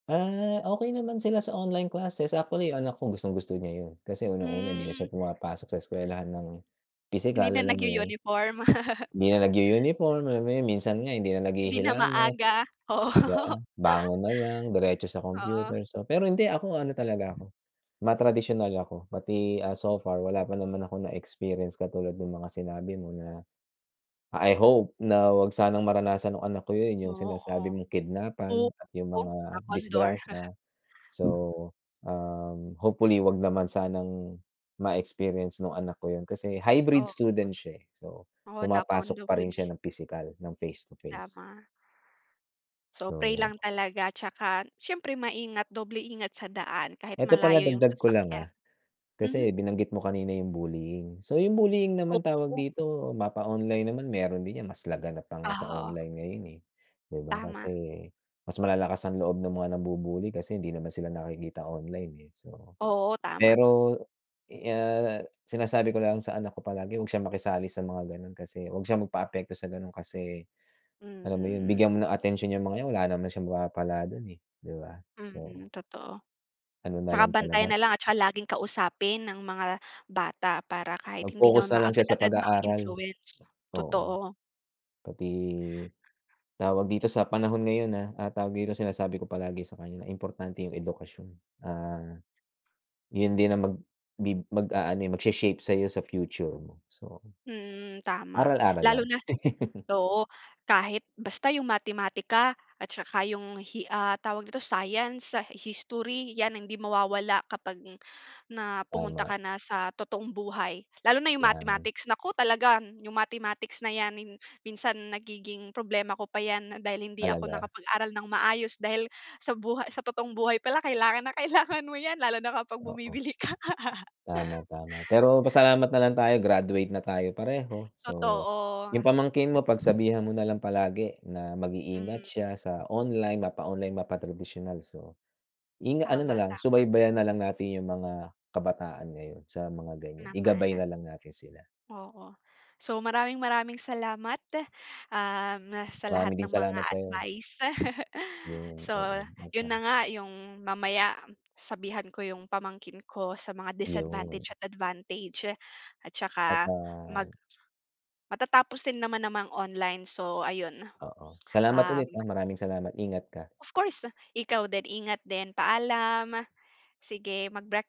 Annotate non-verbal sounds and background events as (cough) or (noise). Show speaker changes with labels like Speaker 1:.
Speaker 1: Ah, okey naman sila sa online classes, actually yung anak ko gustong-gusto niya yun. Kasi unang-una, hindi na siya
Speaker 2: Hmm.
Speaker 1: pumapasok sa eskuwelahan ng
Speaker 2: Hindi
Speaker 1: pisikal,
Speaker 2: na
Speaker 1: alam mo yun.
Speaker 2: nag-u-uniform?
Speaker 1: Hindi na
Speaker 2: (laughs)
Speaker 1: nag-u-uniform, alam mo yun. Minsan nga hindi na
Speaker 2: Hindi na
Speaker 1: naghihilamos,
Speaker 2: maaga, oo.
Speaker 1: di ba?
Speaker 2: (laughs)
Speaker 1: Bangon na lang, diretso sa
Speaker 2: Oo.
Speaker 1: computer. So, pero hindi ako ano talaga ako, matradisyonal ako. Pati, ah, so far wala pa naman akong na-experience katulad nung mga sinabi mo na I hope na huwag sanang maranasan nung anak ko yun, yung
Speaker 2: Oo.
Speaker 1: sinasabi mong kidnapan at yung
Speaker 2: Oo.
Speaker 1: mga
Speaker 2: Knock on door. (laughs)
Speaker 1: disgrasya. So, um, hopefully huwag naman sanang ma-experience nung anak ko yun. Kasi hybrid
Speaker 2: Oo nga.
Speaker 1: student siya, eh. So,
Speaker 2: Oo, knock on
Speaker 1: pumapasok
Speaker 2: the
Speaker 1: pa rin
Speaker 2: woods.
Speaker 1: siya ng pisikal, ng face to face.
Speaker 2: Tama. So, pray
Speaker 1: So
Speaker 2: lang talaga tsaka siyempre maingat, doble ingat sa daan kahit
Speaker 1: 'Eto pala
Speaker 2: malayo yung
Speaker 1: dagdag ko lang,
Speaker 2: sasakyan.
Speaker 1: ah,
Speaker 2: Mhm.
Speaker 1: kasi binanggit mo kanina yung bullying. So, yung bullying naman tawag
Speaker 2: Oo.
Speaker 1: dito, mapa-online naman meron din 'yan, mas laganap pa nga sa
Speaker 2: Ah, oo.
Speaker 1: online ngayon, eh, 'di ba. Kasi
Speaker 2: Tama.
Speaker 1: mas malalakas ang loob ng mga nambu-bully kasi hindi naman sila nakikita online, eh. So
Speaker 2: Oo, tama.
Speaker 1: pero, ah, sinasabi ko lang sa anak ko palagi huwag siyang makisali sa mga gano'n kasi huwag siya magpa-apekto sa gano'n kasi,
Speaker 2: Hmm,
Speaker 1: alam mo yun,
Speaker 2: mm, mm.
Speaker 1: bigyan mo ng atensyon 'yang mga 'yan wala naman siyang mapapala dun, eh, 'di ba.
Speaker 2: Mm,
Speaker 1: So
Speaker 2: totoo.
Speaker 1: ano na
Speaker 2: Tsaka
Speaker 1: lang
Speaker 2: bantayan
Speaker 1: talaga
Speaker 2: na lang at saka laging kausapin ng mga bata para kahit hindi
Speaker 1: Mag-focus
Speaker 2: naman
Speaker 1: na lang siya sa
Speaker 2: maagad-agad
Speaker 1: pag-aaral,
Speaker 2: ma-influence,
Speaker 1: oo.
Speaker 2: totoo.
Speaker 1: Pati tawag dito sa panahon ngayon, ah, ah, tawag dito, sinasabi ko palagi sa kanya na importante yung edukasyon. Ah, yun din ang magbi mag-aano, eh, magshe-shape sa'yo sa future mo. So,
Speaker 2: Mm, tama.
Speaker 1: aral-aral
Speaker 2: Lalo
Speaker 1: lang.
Speaker 2: na
Speaker 1: (laughs)
Speaker 2: oo. Kahit basta yung matematika at saka yung hi ah, tawag nito, science, history, 'yan ang hindi mawawala kapag na pumunta
Speaker 1: Tama.
Speaker 2: ka na sa totoong buhay. Lalo na yung
Speaker 1: 'Yan.
Speaker 2: mathematics, naku, talaga yung mathematics na 'yan minsan nagiging problema ko pa 'yan dahil hindi ako
Speaker 1: Talaga?
Speaker 2: nakapag-aral nang maayos. Dahil sa buhay sa totoong buhay pala kailangan na kailangan mo 'yan lalo na kapag
Speaker 1: Oo.
Speaker 2: bumibili ka.
Speaker 1: Tama,
Speaker 2: (laughs)
Speaker 1: tama. Pero pasalamat na lang tayo graduate na tayo pareho. So,
Speaker 2: Totoo.
Speaker 1: yung pamangkin mo pagsabihan mo na lang palagi na mag-iingat
Speaker 2: Mm.
Speaker 1: siya sa online, mapa-online, mapa-tradisyonal. So, inga ano na
Speaker 2: Tama,
Speaker 1: lang,
Speaker 2: tama.
Speaker 1: subaybayan na lang natin yung mga kabataan ngayon sa mga ganyan, igabay
Speaker 2: Namana.
Speaker 1: na lang natin sila.
Speaker 2: Oo. So, maraming-maraming salamat, um, sa lahat
Speaker 1: Marami ding
Speaker 2: ng mga
Speaker 1: salamat sa'yo.
Speaker 2: advice. (laughs)
Speaker 1: Yun,
Speaker 2: So,
Speaker 1: oo. At,
Speaker 2: yun na
Speaker 1: ah
Speaker 2: nga yung mamaya sabihan ko yung pamangkin ko sa mga
Speaker 1: Yun.
Speaker 2: disadvantage at advantage. At
Speaker 1: At,
Speaker 2: saka mag
Speaker 1: ah
Speaker 2: matatapos din naman naman ang online. So, ayun.
Speaker 1: Oo. Salamat
Speaker 2: Um
Speaker 1: ulit, ah, maraming salamat. Ingat ka.
Speaker 2: Of course. Ikaw din, ingat din. Paalam! Sige, magbreak